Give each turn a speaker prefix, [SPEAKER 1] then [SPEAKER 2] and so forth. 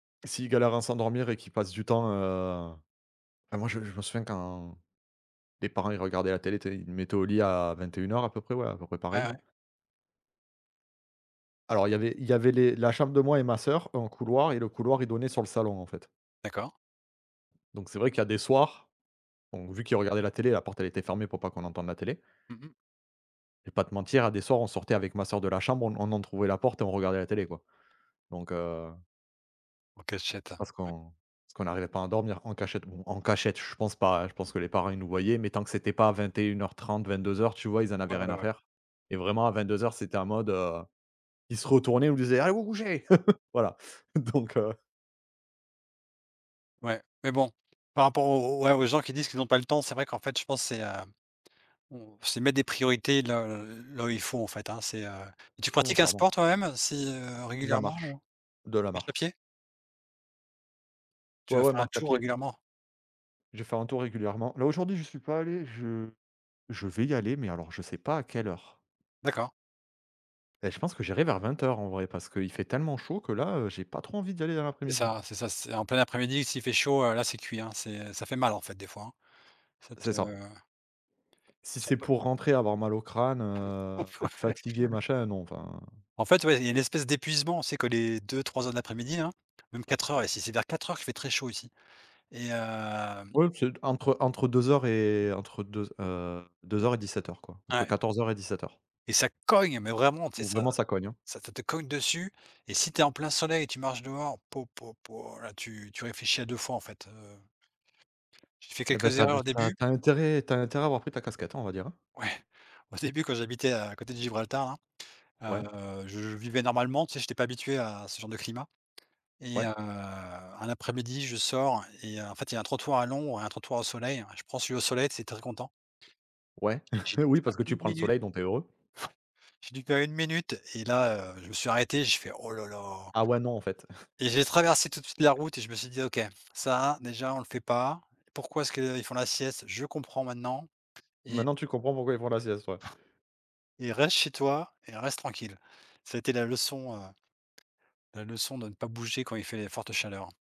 [SPEAKER 1] S'ils galèrent à s'endormir et qu'ils passent du temps, heu, enfin, moi je me je me souviens quand, mes parents ils regardaient la télé, tu sais, ils me mettaient au lit à 21:00 à peu près ouais, à peu près pareil
[SPEAKER 2] Ouais.
[SPEAKER 1] alors il y avait il y avait les la chambre de moi et ma sœur, un couloir et le couloir il donnait sur le salon en fait
[SPEAKER 2] D'accord.
[SPEAKER 1] donc c'est vrai qu'il y a des soirs, on vu qu'ils regardaient la télé, la porte elle était fermée, pour pas qu'on entende la télé
[SPEAKER 2] Mmh mh.
[SPEAKER 1] je vais pas te mentir, il y a des soirs on sortait avec ma sœur de la chambre, on en on entrouvrait la porte et on regardait la télé quoi. Donc heu
[SPEAKER 2] En cachette, heu,
[SPEAKER 1] parce
[SPEAKER 2] ouais.
[SPEAKER 1] qu'on parce qu'on arrivait pas à dormir en cachette bon en cachette, je pense pas, je pense que les parents ils nous voyaient, mais tant que c'était pas à 21:30, 22:00 tu vois, ils en avaient
[SPEAKER 2] Ouais,
[SPEAKER 1] rien
[SPEAKER 2] ouais,
[SPEAKER 1] à
[SPEAKER 2] ouais.
[SPEAKER 1] faire et vraiment à 22:00 c'était en mode, heu, ils se retournaient, ils nous disaient: «Allez vous couchez!» Voilà. Donc heu
[SPEAKER 2] Ouais, mais bon, par rapport aux aux gens qui disent qu'ils ont pas le temps, c'est vrai qu'en fait, je pense c'est, heu, on c'est mettre des priorités là là où il faut en fait, hein. C'est, heu, tu
[SPEAKER 1] Non
[SPEAKER 2] pratiques un
[SPEAKER 1] clairement.
[SPEAKER 2] sport toi-même si, heu,
[SPEAKER 1] De la
[SPEAKER 2] régulièrement? Ou,
[SPEAKER 1] marche.
[SPEAKER 2] heu
[SPEAKER 1] De la
[SPEAKER 2] marche
[SPEAKER 1] marche.
[SPEAKER 2] à pied? Tu
[SPEAKER 1] Ouais,
[SPEAKER 2] vas
[SPEAKER 1] ouais,
[SPEAKER 2] faire un
[SPEAKER 1] marche à
[SPEAKER 2] tour
[SPEAKER 1] pied.
[SPEAKER 2] régulièrement?
[SPEAKER 1] Je fais un tour régulièrement là aujourd'hui j'y suis pas allé, je je vais y aller, mais alors je ne sais pas à quelle heure
[SPEAKER 2] D'accord.
[SPEAKER 1] et je pense que j'irai vers 20:00, en vrai, parce qu'il fait tellement chaud que là, heu, j'ai pas trop envie d'y aller dans
[SPEAKER 2] C'est
[SPEAKER 1] l'après-midi.
[SPEAKER 2] ça c'est ça c'est en plein après-midi, s'il fait chaud, heu, là, c'est cuit hein, c'est ça fait mal en fait des fois hein. Ca te
[SPEAKER 1] C'est ça. Si
[SPEAKER 2] si on
[SPEAKER 1] c'est
[SPEAKER 2] peut
[SPEAKER 1] pour rentrer, avoir mal au crâne, heu, être
[SPEAKER 2] Ouais.
[SPEAKER 1] fatigué, machin, non enfin.
[SPEAKER 2] En fait, ouais, il y a une espèce d'épuisement, on sait que les 2-3:00 de l'après-midi hein, même 4:00 ici c'est vers 4:00 qu'il fait très chaud ici. Et hem
[SPEAKER 1] Oui c'est, entre, heu, entre 2:00 et entre 2, heu, 2:00 et 17:00 quoi. Entre
[SPEAKER 2] Ouais
[SPEAKER 1] 14:00 et 17:00
[SPEAKER 2] et ça cogne, mais vraiment, tu sais,
[SPEAKER 1] où
[SPEAKER 2] ça
[SPEAKER 1] vraiment ça cogne hein.
[SPEAKER 2] ça te te cogne dessus et si tu es en plein soleil et que tu marches dehors, po po po, là, tu tu réfléchis à 2 fois en fait, heu, J'ai fait
[SPEAKER 1] Et ben
[SPEAKER 2] quelques
[SPEAKER 1] tu as in
[SPEAKER 2] erreurs au
[SPEAKER 1] tu as
[SPEAKER 2] début.
[SPEAKER 1] tu as intérêt tu as intérêt à avoir pris ta casquette, on va dire, hein.
[SPEAKER 2] Oui, au début, j'habitais à côté de Gibraltar
[SPEAKER 1] Ouais.
[SPEAKER 2] là, heu, je vivais normalement, tu sais, j'étais pas habitué à à ce genre de climat et heu,
[SPEAKER 1] Ouais.
[SPEAKER 2] un après-midi, je sors et en fait, il y a un trottoir à l'ombre et un trottoir au soleil. Je prends celui au soleil, tu sais, très content
[SPEAKER 1] Ouais,
[SPEAKER 2] et j'ai dû
[SPEAKER 1] oui
[SPEAKER 2] faire
[SPEAKER 1] parce que tu
[SPEAKER 2] 1
[SPEAKER 1] prends le
[SPEAKER 2] minute
[SPEAKER 1] soleil, donc tu es heureux.
[SPEAKER 2] j'ai dû faire 1 minute et là, heu, je me suis arrêté, j'ai fait: «Oh là là!»
[SPEAKER 1] Ah ouais, non, en fait.
[SPEAKER 2] et j'ai traversé tout de suite la route et je me suis dit: «OK, ça, déjà, on le fait pas. Pourquoi est-ce qu'ils font la sieste? Je comprends maintenant», et
[SPEAKER 1] Maintenant tu comprends pourquoi ils font la sieste ouais.
[SPEAKER 2] et reste chez toi et reste tranquille. Ça a été la leçon, heu, la leçon de ne pas bouger quand il fait les fortes chaleurs.